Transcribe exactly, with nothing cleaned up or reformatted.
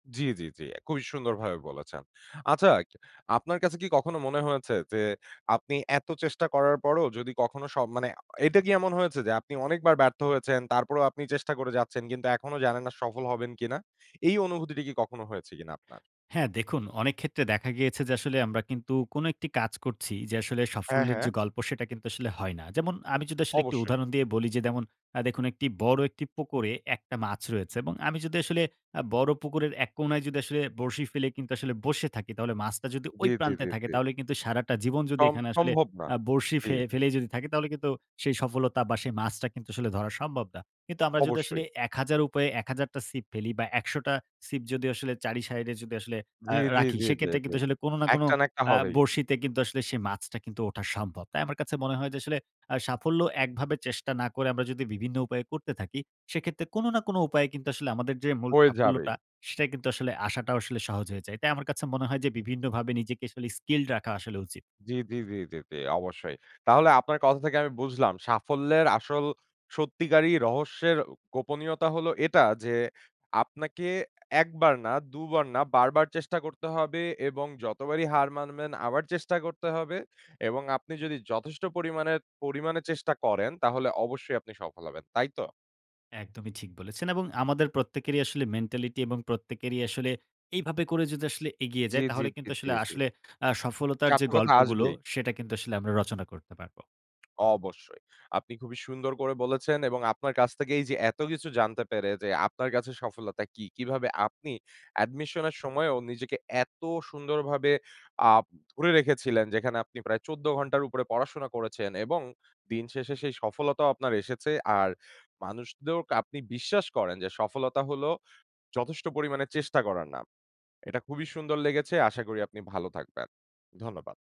জ্বী, জ্বী, জ্বী। অ্যা খুবই সুন্দরভাবে বলেছেন। আচ্ছা আপনার কাছে কি কখনো মনে হয়েছে যে আপনি এত চেষ্টা করার পরও যদি কখনো স মানে অ এটা কি এমন হয়েছে যে আপনি অনেকবার ব্যর্থ হয়েছেন তারপরেও আপনি চেষ্টা করে যাচ্ছেন কিন্তু এখনো জানেন না সফল হবেন কিনা? এই অনুভূতিটা কি কখনো হয়েছে কিনা আপনার? হ্যাঁ দেখুন, অনেক ক্ষেত্রে দেখা গিয়েছে যে আসলে আমরা কিন্তু কোন একটি কাজ করছি যে আসলে হ্যাঁ, সাফল্যের যে হ্যাঁ। গল্প সেটা কিন্তু আসলে হয় না। যেমন, আমি যদি আসলে একটি অবশ্যই। উদাহরণ দিয়ে বলি, যে দেমুন আ দেখুন বড় একটি পুকুরে এক টা মাছ রয়েছে এবং আমি যদি আসলে অ্যা বড় পুকুরের এক কোনায় যদি আসলে বরশি ফেলে কিন্তু আসলে বসে থাকি তাহলে মাছটা যদি জ্বী, জ্বী, প্রান্তে জ্বী, থাকে জ্বী। তাহলে কিন্তু সারাটা জীবন যদি সম এখানে আসলে সম্ভব না। আ বরশি জ্বী। ফে ফেলেই যদি থাকে তাহলে কিন্তু সেই সফলতা বা সেই মাছটা কিন্তু আসলে ধরা সম্ভব না। কিন্তু আমরা যদি আসলে অবশ্যই। এক হাজার উপায়ে এক হাজার টা সিপ ফেলি বা একশ টা সিপ যদি আসলে চার ই শাইডে এ যদি আসলে আ জ্বী, জ্বী, রাখি জ্বী, জ্বী, সেক্ষেত্রে জ্বী। কিন্তু আসলে কোন না এক কোন টা না এক টা আ হবেই। বরশিতে কিন্তু আসলে সেই মাছটা কিন্তু ওঠা সম্ভব। তাই আমার কাছে মনে হয় যে আসলে অ্যা আসলে সাফল্য একভাবে চেষ্টা না করে আমরা যদি বিভিন্ন উপায়ে করতে থাকি, সেক্ষেত্রে কোন না কোন উপায়ে কিন্তু আসলে আমাদের যে মূল হয়ে যাবেই। সাফল্যটা সেটা কিন্তু আসলে আসাটাও আসলে সহজ হয়ে যায়। তাই আমার কাছে মনে হয় যে "বিভিন্নভাবে নিজেকে আসলে স্কিলড রাখা আসলে উচিত।" জ্বী, জ্বী, জ্বী, জ্বী, জ্বী, অবশ্যই। তাহলে আপনার কথা থেকে আমি বুঝলাম সাফল্যের আসল সত্যিকারই রহস্যের অ গোপনীয়তা হলো এটা যে, আপনাকে এক বার না দু বার না বারবার চেষ্টা করতে হবে এবং যতবারই হার মানবেন আবার চেষ্টা করতে হবে। এবং আপনি যদি যথেষ্ট পরিমাণের পরিমাণে চেষ্টা করেন তাহলে অবশ্যই আপনি সফল হবেন। তাই তো? একদমই ঠিক বলেছেন। এবং আমাদের প্রত্যেকেরই আসলে মেন্টালিটি এবং প্রত্যেকেরই আসলে এইভাবে করে যদি আসলে এগিয়ে জ্বী, যায়, জ্বী, তাহলে জ্বী, কিন্তু জ্বী, আসলে জ্বী। আসলে আ সফলতার চার যে টা কথা গল্পগুলো আসবেই। সেটা কিন্তু আসলে আমরা রচনা করতে পারবো। অবশ্যই। আপনি খুবই সুন্দর করে বলেছেন এবং আপনার কাছ থেকেই এইযে এত কিছু জানতে পেরে যে আপনার কাছে সফলতা কী? কীভাবে আপনি Admission এর সময়ও নিজেকে এত সুন্দরভাবে আ ধরে রেখেছিলেন যেখানে আপনি প্রায় চৌদ্দ ঘন্টার উপরে পড়াশোনা করেছেন এবং দিন শেষে সেই সফলতাও আপনার এসেছে। আর মানুষ দউরক আপনি বিশ্বাস করেন যে সফলতা হলো যথেষ্ট পরিমাণে চেষ্টা করার নাম। এটা খুবই সুন্দর লেগেছে। আশা করি আপনি ভালো থাকবেন। ধন্যবাদ।